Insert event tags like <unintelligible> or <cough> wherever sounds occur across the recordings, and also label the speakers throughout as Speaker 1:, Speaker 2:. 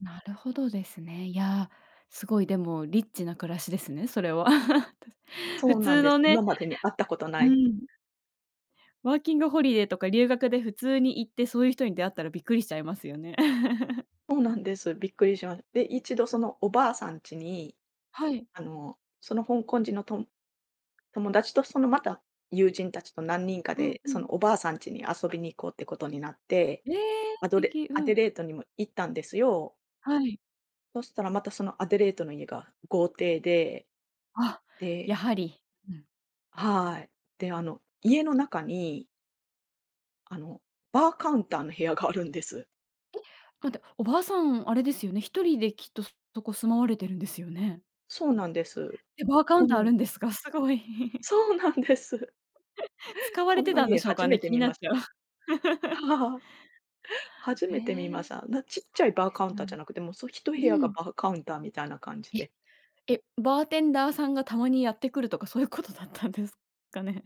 Speaker 1: なるほどですね。いや、凄い、でもリッチな暮らしですね、それは。<chuckles> たす
Speaker 2: そ
Speaker 1: 普
Speaker 2: うなん
Speaker 1: 通
Speaker 2: です、
Speaker 1: のね。
Speaker 2: 今までに会ったことな
Speaker 1: う
Speaker 2: い。
Speaker 1: ん。ワーキングホリデーとか留学で普通に行って、そういう人に出会ったらびっくりしちゃいますよね。<chuckles>
Speaker 2: そうなんです、びっくりしまで、1度そのおばあさんちに、
Speaker 1: はい。
Speaker 2: あの、その香港人のとん友達とそのまた友人達と何人か
Speaker 1: うん
Speaker 2: で
Speaker 1: う
Speaker 2: そ
Speaker 1: ん。
Speaker 2: のおばあさんちに遊びに行こうってことになって、
Speaker 1: ええ！
Speaker 2: ア
Speaker 1: 素
Speaker 2: ドレ
Speaker 1: 敵。
Speaker 2: ア
Speaker 1: う
Speaker 2: デ
Speaker 1: ん。
Speaker 2: レートにも行ったんですよ。
Speaker 1: はい。
Speaker 2: そしたらまたそのアデレートの家が豪邸で、
Speaker 1: あ、や
Speaker 2: で
Speaker 1: はり。うん。
Speaker 2: はい、で、あの、家の中にあの、バーカウンターの部屋があるんです。
Speaker 1: え。かんて、おばあさんあれですよね、1人できっと、そそこ住まわれてるんですよね。
Speaker 2: そうなんです。
Speaker 1: え、バーカウ
Speaker 2: ほ
Speaker 1: ンター
Speaker 2: ぬ
Speaker 1: あ
Speaker 2: ん。
Speaker 1: るんですか、すごい。<chuckles>
Speaker 2: そうなんです。
Speaker 1: <laughs> 使わ
Speaker 2: こ
Speaker 1: れ
Speaker 2: ん
Speaker 1: て
Speaker 2: な
Speaker 1: たんで
Speaker 2: 家
Speaker 1: しょう
Speaker 2: 初
Speaker 1: か
Speaker 2: め
Speaker 1: ね、
Speaker 2: て
Speaker 1: 気に
Speaker 2: 見
Speaker 1: なっ
Speaker 2: まし
Speaker 1: ちゃう。
Speaker 2: た。
Speaker 1: <laughs>
Speaker 2: <laughs> 初
Speaker 1: へ
Speaker 2: めて見まし
Speaker 1: え。
Speaker 2: た。あんな、ちっ
Speaker 1: そ
Speaker 2: ちゃい
Speaker 1: う
Speaker 2: バー
Speaker 1: です
Speaker 2: カウン
Speaker 1: よ。
Speaker 2: ターじゃなくて、もうそひと
Speaker 1: う
Speaker 2: へやが
Speaker 1: ん。
Speaker 2: バーカウンターみたいな感じで。
Speaker 1: え、え。バーテンダーさんがたまにやってくるとかそういうことだったんですかね。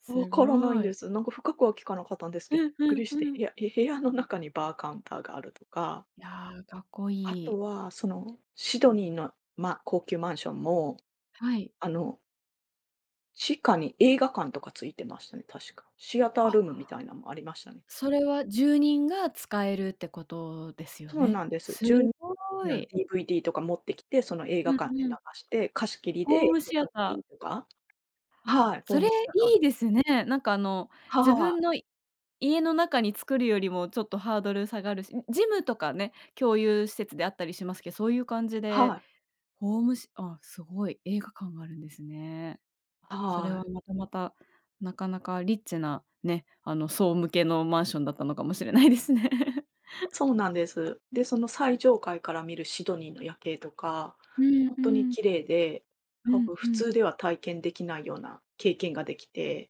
Speaker 1: す
Speaker 2: 分らないん
Speaker 1: ご
Speaker 2: で
Speaker 1: い。
Speaker 2: す。なんか深くは聞かなかったんです
Speaker 1: う
Speaker 2: けびっ
Speaker 1: んう
Speaker 2: く
Speaker 1: ん
Speaker 2: りして、
Speaker 1: うん。
Speaker 2: 部屋へ部屋の中にバーカウンターがあるとか。
Speaker 1: いや、かっこ
Speaker 2: あ
Speaker 1: い
Speaker 2: と
Speaker 1: い。
Speaker 2: はそのシドニーの、まあ、高級マンションも、
Speaker 1: はい。
Speaker 2: あの地下に映画館とか付いてましたね、確か。シアター
Speaker 1: あ
Speaker 2: ルームみたいなんありましたね。
Speaker 1: それは住人が使えるってことですよ
Speaker 2: そう
Speaker 1: ね。
Speaker 2: なんです。
Speaker 1: す
Speaker 2: じゅう <unintelligible>
Speaker 1: ご
Speaker 2: な、
Speaker 1: い。
Speaker 2: DVD とか持ってきて、その映
Speaker 1: う
Speaker 2: 画館で
Speaker 1: ん
Speaker 2: 流
Speaker 1: うん。
Speaker 2: して、貸し切り
Speaker 1: ホー
Speaker 2: で
Speaker 1: ムシアター。
Speaker 2: <unintelligible> とか。はい、ホー
Speaker 1: それ
Speaker 2: ムシアターとか
Speaker 1: い
Speaker 2: で。
Speaker 1: いですね。なんか、あの、
Speaker 2: は
Speaker 1: 自
Speaker 2: はあ。
Speaker 1: 分の家の中に作るよりも、ちょっとハードル下がるし、うジムとかね、共有施設であったりしますけそういう感じで、
Speaker 2: はい。
Speaker 1: ホームシあ、すごい、映画館があるんですね。それ
Speaker 2: はー
Speaker 1: は
Speaker 2: い。
Speaker 1: またまた、なかなかリッチな、ね、あの層向けのマンションだったのかもしれないですね。<chuckles>
Speaker 2: そうなんです。で、その最上階から見るシドニーの夜景とか、
Speaker 1: うん
Speaker 2: ほん
Speaker 1: う
Speaker 2: とに
Speaker 1: ん。
Speaker 2: 綺麗で、
Speaker 1: う
Speaker 2: ほ、
Speaker 1: ん
Speaker 2: ふ
Speaker 1: う
Speaker 2: 普
Speaker 1: ん。
Speaker 2: 通では体験できないような経験が出来て。